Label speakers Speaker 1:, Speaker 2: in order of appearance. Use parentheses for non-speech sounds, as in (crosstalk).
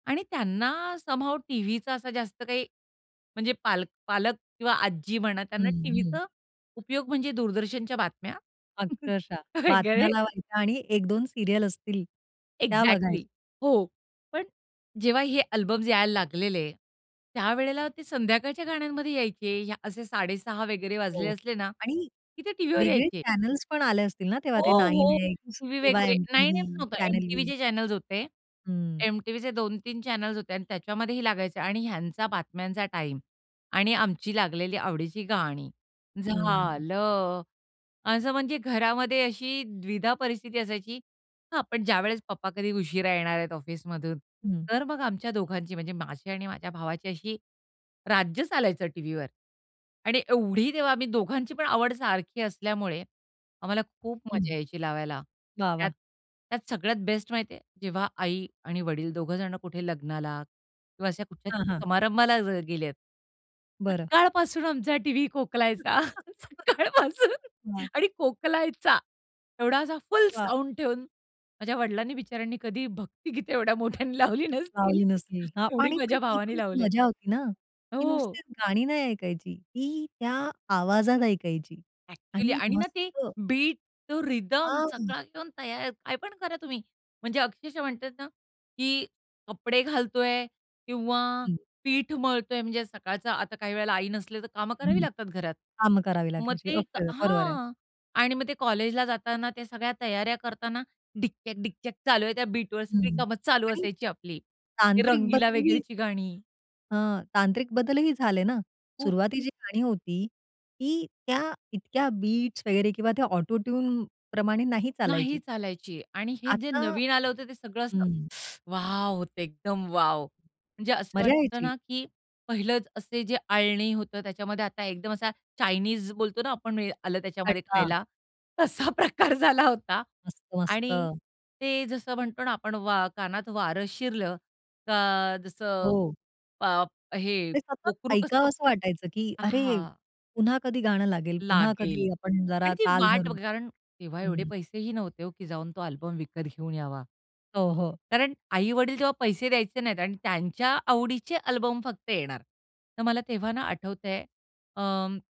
Speaker 1: आणि त्यांना some how टीव्हीचा असा जास्त काही म्हणजे पाल पालक किंवा आजी म्हणा
Speaker 2: हं,
Speaker 1: त्यांना,
Speaker 2: हं.
Speaker 1: टीव्हीचा उपयोग म्हणजे दूरदर्शनच्या बातम्या.
Speaker 2: अक्षरशः
Speaker 1: काय
Speaker 2: बातम्या
Speaker 1: कळे.
Speaker 2: लावायच्या आणि 1-2 सीरियल असतील, त्या बघायच्या.
Speaker 1: एक्झॅक्टली. हो. पण जेव्हा हे अल्बम्स यायला लागलेले, त्यावेळेला ते संध्याकाळच्या गाण्यांमध्ये यायचे असे 06:30 वगैरे वाजले
Speaker 2: हो.
Speaker 1: असले ना,
Speaker 2: आणि
Speaker 1: की ते टीव्हीवर
Speaker 2: वेगळे
Speaker 1: यायचे.
Speaker 2: चॅनल्स पण आले असतील ना, तेव्हा
Speaker 1: हो,
Speaker 2: ते नाईन
Speaker 1: हो.
Speaker 2: एक्स
Speaker 1: टीव्ही
Speaker 2: किंवा
Speaker 1: वगैरे. नाही, नाही. नाईन
Speaker 2: एम-टी-व्ही
Speaker 1: एम नव्हतं.
Speaker 2: Channel V.
Speaker 1: एम-टी-व्हीचे चॅनल्स होते.
Speaker 2: हं.
Speaker 1: एम टीव्हीचे 2-3 चॅनल्स होते आणि त्याच्यामध्येही लागायचे आणि ह्यांचा बातम्यांचा टाईम आणि आमची लागलेली आवडीची गाणी,
Speaker 2: हं.
Speaker 1: झालं. असं म्हणजे घरामध्ये अशी द्विधा परिस्थिती असायची. हां, पण ज्यावेळेस पप्पा कधी उशिरा येणार आहेत ऑफिसमधून,
Speaker 2: हं.
Speaker 1: तर मग आमच्या दोघांची म्हणजे माझी आणि माझ्या भावाची अशी राज्य चालायचं टीव्हीवर. आणि एवढी तेव्हा आम्ही दोघांची पण आवड सारखी असल्यामुळे, आम्हाला खूप मजा
Speaker 2: हं.
Speaker 1: यायची लावायला.
Speaker 2: वाह,
Speaker 1: त्यात,
Speaker 2: वाह!
Speaker 1: त्यात सगळ्यात बेस्ट माहिती आहे जेव्हा आई आणि वडील दोघं जण कुठे लग्नाला किंवा अशा
Speaker 2: हां,
Speaker 1: कुठल्यातरी
Speaker 2: हां.
Speaker 1: समारंभाला जर गेले आहेत.
Speaker 2: बरं.
Speaker 1: सकाळपासून आमचा टीव्ही खोकलायचा,
Speaker 2: (chuckles)
Speaker 1: सकाळपासून
Speaker 2: वाह!
Speaker 1: आणि खोकलायचा. एवढा असा फुल
Speaker 2: वाह!
Speaker 1: साउंड ठेवून, माझ्या वडिलांनी बिचाऱ्यांनी कधी भक्ति गीते एवढ्या मोठ्यांनी लावली नसतील,
Speaker 2: लावली नसली. अ,
Speaker 1: तेवढी
Speaker 2: आणि पण
Speaker 1: माझ्या
Speaker 2: तीच
Speaker 1: भावानी
Speaker 2: एक
Speaker 1: लावले.
Speaker 2: मजा होती ना. ती
Speaker 1: हो.
Speaker 2: नुसतीच गाणी नाही ऐकायची ती. त्या आवाजात ऐकायची
Speaker 1: एक्चुअली
Speaker 2: आणि
Speaker 1: आणि ना,
Speaker 2: मस्त.
Speaker 1: ते बीट तो रिदम
Speaker 2: हां.
Speaker 1: सगळा घेऊन तयार, काय पण करा तुम्ही, म्हणजे अक्षरश: म्हणतात ना, की कपडे घालतोय किंवा
Speaker 2: हं.
Speaker 1: पीठ मळतोय म्हणजे सकाळचा आता काही वेळेला आई नसली, तर कामं करावी
Speaker 2: हं.
Speaker 1: लागतात घरात.
Speaker 2: कामं करावी
Speaker 1: मग
Speaker 2: लागायची.
Speaker 1: ते
Speaker 2: ओके. बरोबर आहे.
Speaker 1: हां. आणि मग ते कॉलेजला जाताना त्या सगळ्या तयाऱ्या करताना डिक्चक डिक्चक चालू आहे. त्या बीटवर सगळी
Speaker 2: हं.
Speaker 1: कामं चालू
Speaker 2: आणि
Speaker 1: असायची आपली, ते
Speaker 2: तांत्रिक
Speaker 1: रंगीला
Speaker 2: बदल ही
Speaker 1: वगैरेची गाणी.
Speaker 2: अ, तांत्रिक बदलही झाले ना.
Speaker 1: खूप.
Speaker 2: सुरुवातीची गाणी होती ती त्या इतक्या बीट्स वगैरे किंवा त्या ऑटोट्यून प्रमाणे नाही
Speaker 1: नाही,
Speaker 2: चालायची.
Speaker 1: चालायची आणि हे जे
Speaker 2: आता
Speaker 1: नवीन आलं होतं ते सगळं असं,
Speaker 2: हं.
Speaker 1: (clicks tongue) वॉव! होतं एकदम वॉव! म्हणजे असं
Speaker 2: मजा
Speaker 1: वाटतं
Speaker 2: यायची.
Speaker 1: ना, की पहिलंच असे जे आळणी होतं, त्याच्यामध्ये आता एकदम असा चाइनीस बोलतो ना आपण आलं त्याच्यामध्ये
Speaker 2: खडका.
Speaker 1: खायला, तसा प्रकार झाला होता
Speaker 2: मस्त,
Speaker 1: आणि
Speaker 2: मस्त.
Speaker 1: ते जसं म्हणतो ना आपण, वा कानात वारं शिरलं का जसं
Speaker 2: हो.
Speaker 1: प हे
Speaker 2: ते सतत
Speaker 1: पोकरू कसं
Speaker 2: ऐकावसं वाटायचं, की अरे,
Speaker 1: हां.
Speaker 2: पुन्हा कधी गाणं लागेल, पुन्हा
Speaker 1: लागेल.
Speaker 2: कधी आपण जरा
Speaker 1: आणि ती
Speaker 2: ताल
Speaker 1: वाट
Speaker 2: धरू.
Speaker 1: कारण तेव्हा एवढे
Speaker 2: हं.
Speaker 1: पैसे ही नव्हते हो, की जाऊन तो अल्बम विकत घेऊन यावा.
Speaker 2: हो, हो.
Speaker 1: कारण आई वडील तेव्हा पैसे द्यायचे नाहीत आणि त्यांच्या आवडीचे अल्बम फक्त येणार. तर मला तेव्हा ना, आठवतंय. अं